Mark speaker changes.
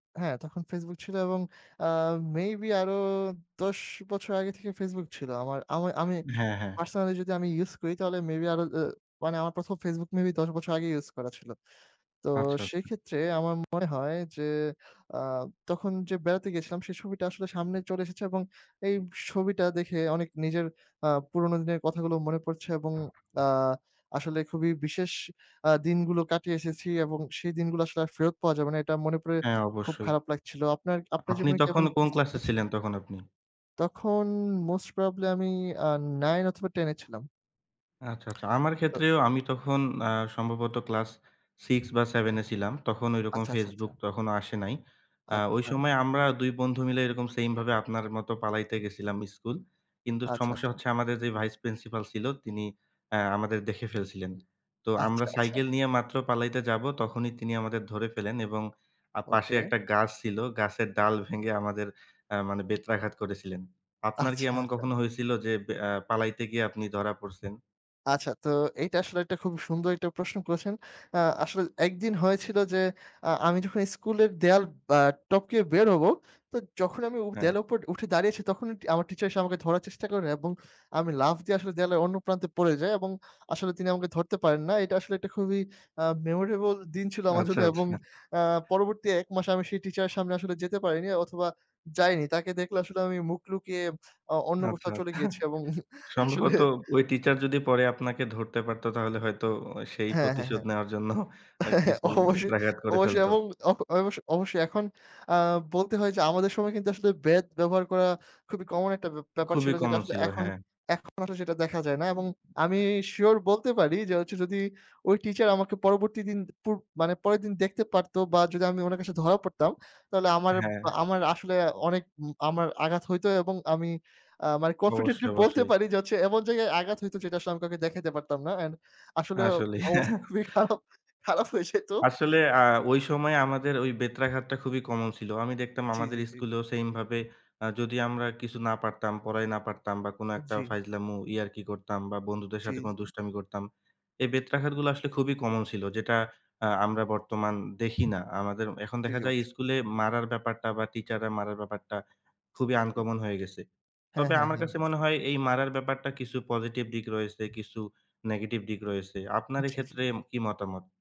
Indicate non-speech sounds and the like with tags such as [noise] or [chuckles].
Speaker 1: হ্যাঁ, তখন Facebook ছিল এবং, অ্যা মেবি আরও ১০ বছর আগে থেকে Facebook ছিল। আমার আমা আমি
Speaker 2: হ্যাঁ, হ্যাঁ।
Speaker 1: পারসনালি যদি আমি ইউজ করি, তাহলে মেবি আরও, এহ মানে আমার ১ম Facebook মেবি ১০ বছর আগেই ইউজ করা ছিল। তো
Speaker 2: আচ্ছা, আচ্ছা।
Speaker 1: সেক্ষেত্রে আমার মনে হয় যে, আ তখন যে বেড়াতে গিয়েছিলাম, সেই ছবিটা আসলে সামনে চলে এসেছে এবং এই ছবিটা দেখে অনেক নিজের, আ পুরনো দিনের কথাগুলো মনে পড়ছে এবং, আ আসলে খুবই বিশেষ, আ দিনগুলো কাটিয়ে এসেছি এবং সেই দিনগুলো আসলে আর ফেরত পাওয়া যাবে না, এটা মনে পড়ে
Speaker 2: হ্যাঁ,
Speaker 1: খুব
Speaker 2: অবশ্যই।
Speaker 1: খারাপ লাগছিল। আপনার আপনার
Speaker 2: আপনি
Speaker 1: জীবনে কি
Speaker 2: তখন
Speaker 1: এমন
Speaker 2: কোন
Speaker 1: পরিস্থিতি
Speaker 2: ক্লাসে
Speaker 1: আছে?
Speaker 2: ছিলেন, তখন আপনি?
Speaker 1: তখন মোস্ট প্রবাব্লি আমি, আ 9 অথবা 10 এ ছিলাম।
Speaker 2: আচ্ছা, আচ্ছা. আমার
Speaker 1: তো
Speaker 2: ক্ষেত্রেও আমি তখন আ সম্ভবত ক্লাস 6 বা 7 এ ছিলাম। তখন ওইরকম
Speaker 1: আচ্ছা, আচ্ছা, আচ্ছা,
Speaker 2: Facebook
Speaker 1: আচ্ছা।
Speaker 2: তখনও আসে নাই। আ ওই
Speaker 1: আচ্ছা।
Speaker 2: সময় আমরা ২ বন্ধু মিলে এরকম সেম ভাবে আপনার মতো পালাইতে গেছিলাম স্কুল। কিন্তু
Speaker 1: আচ্ছা,
Speaker 2: সমস্যা
Speaker 1: আচ্ছা।
Speaker 2: হচ্ছে আমাদের যে ভাইস প্রিন্সিপাল ছিল, তিনি অ্যা আমাদের দেখে ফেলছিলেন। তো
Speaker 1: আচ্ছা,
Speaker 2: আমরা
Speaker 1: আচ্ছা।
Speaker 2: সাইকেল নিয়ে মাত্র পালাইতে যাব, তখনই তিনি আমাদের ধরে ফেলেন এবং আ পাশে
Speaker 1: ওকে।
Speaker 2: একটা গাছ ছিল। গাছের ডাল ভেঙে আমাদের অ্যা মানে বেত্রাঘাত করেছিলেন। আপনার কি
Speaker 1: আচ্ছা,
Speaker 2: এমন
Speaker 1: আচ্ছা।
Speaker 2: কখনো হয়েছিল যে, অ্যা পালাইতে গিয়ে আপনি ধরা পড়ছেন?
Speaker 1: আচ্ছা, তো এইটা আসলে একটা খুবই সুন্দর একটা প্রশ্ন করেছেন। আ আসলে একদিন হয়েছিল যে, আ আমি যখন স্কুলের দেয়াল ব্যা টপকে বের হবো, তো যখন আমি উ
Speaker 2: হ্যাঁ।
Speaker 1: দেয়ালের উপর উঠে দাঁড়িয়েছি, তখনই আমার টিচার এসে আমাকে ধরার চেষ্টা করেন এবং আমি লাফ দিয়ে আসলে দেয়ালের অন্য প্রান্তে পড়ে যাই এবং আসলে তিনি আমাকে ধরতে পারেন না। এটা আসলে একটা খুবই আ মেমোরেবল দিন ছিল আমার
Speaker 2: আচ্ছা,
Speaker 1: জন্য এবং
Speaker 2: আচ্ছা।
Speaker 1: আ পরবর্তী ১ মাস আমি সেই টিচার এর সামনে আসলে যেতে পারিনি, অথবা যাইনি। তাকে দেখলে আসলে আমি মুখ লুকিয়ে, আ অন্য কোথাও
Speaker 2: আচ্ছা।
Speaker 1: চলে গিয়েছি
Speaker 2: [chuckles]
Speaker 1: এবং আসলে
Speaker 2: সম্ভবত ওই টিচার যদি পরে আপনাকে ধরতে পারত, তাহলে হয়তো সেই
Speaker 1: হ্যাঁ, হ্যাঁ,
Speaker 2: প্রতিশোধ
Speaker 1: হ্যাঁ।
Speaker 2: নেওয়ার জন্য, অ্যা
Speaker 1: [chuckles]
Speaker 2: কিছু
Speaker 1: অবশ্যই,
Speaker 2: বেত্রাঘাত করে
Speaker 1: অবশ্যই।
Speaker 2: ফেলত।
Speaker 1: এবং অ অবশ্য, অবশ্যই এখন আ বলতে হয় যে, আমাদের সময় কিন্তু আসলে বেদ ব্যবহার করা খুবই কমন একটা ব্য ব্যাপার
Speaker 2: খুবই
Speaker 1: ছিল, যেটা
Speaker 2: কমন
Speaker 1: আসলে
Speaker 2: ছিল,
Speaker 1: এখন,
Speaker 2: হ্যাঁ।
Speaker 1: এখন আসলে সেটা দেখা যায় না। এবং
Speaker 2: [unintelligible]
Speaker 1: আমি
Speaker 2: হ্যাঁ।
Speaker 1: শিউর বলতে পারি যে হচ্ছে, যদি ওই টিচার আমাকে পরবর্তী দিন দুপুর মানে পরের দিন দেখতে পারতো বা যদি আমি ওনার কাছে ধরা পড়তাম, তাহলে আমার
Speaker 2: হ্যাঁ।
Speaker 1: আমার আসলে অনেক উম আমার আঘাত হইতো এবং আমি আ মানে
Speaker 2: অবশ্যই,
Speaker 1: কনফিডেন্টলি বলতে
Speaker 2: অবশ্যই।
Speaker 1: পারি যে হচ্ছে, এমন জায়গায় আঘাত হইতো, যেটা আসলে আমি কাউকে দেখাতে পারতাম না। অ্যান্ড আসলে
Speaker 2: আসলেই।
Speaker 1: অবস্থা
Speaker 2: [chuckles]
Speaker 1: খুবই খারাপ খারাপ হয়ে যাইত।
Speaker 2: আসলে আ ওই সময়ে আমাদের ওই বেত্রাঘাতটা খুবই কমন ছিল। আমি দেখতাম
Speaker 1: জি,
Speaker 2: আমাদের
Speaker 1: জি, জি।
Speaker 2: স্কুলেও সেম ভাবে, আ যদি আমরা কিছু না পারতাম, পড়াই না পারতাম বা কোন একটা
Speaker 1: জি।
Speaker 2: ফাইজলামো, ইয়ারকি করতাম বা বন্ধুদের
Speaker 1: জি,
Speaker 2: সাথে কোন
Speaker 1: জি।
Speaker 2: দুষ্টামি করতাম। এই বেত্রাঘাতগুলো আসলে খুবই কমন ছিল, যেটা আ আমরা বর্তমান দেখি না। আমাদের, এখন
Speaker 1: জি,
Speaker 2: দেখা
Speaker 1: জি,
Speaker 2: যায়
Speaker 1: অবশ্যই।
Speaker 2: স্কুলে মারার ব্যাপারটা বা টিচার রা মারার ব্যাপারটা, খুবই
Speaker 1: জি।
Speaker 2: আন-কমন হয়ে গেছে।
Speaker 1: হ্যাঁ,
Speaker 2: তবে
Speaker 1: হ্যাঁ,
Speaker 2: আমার
Speaker 1: হ্যাঁ।
Speaker 2: কাছে মনে হয়, এই মারার ব্যাপারটা কিছু পসিটিভ দিক রয়েছে, কিছু নেগেটিভ দিক রয়েছে। আপনার
Speaker 1: জি, জি।
Speaker 2: এক্ষেত্রে কি মতামত?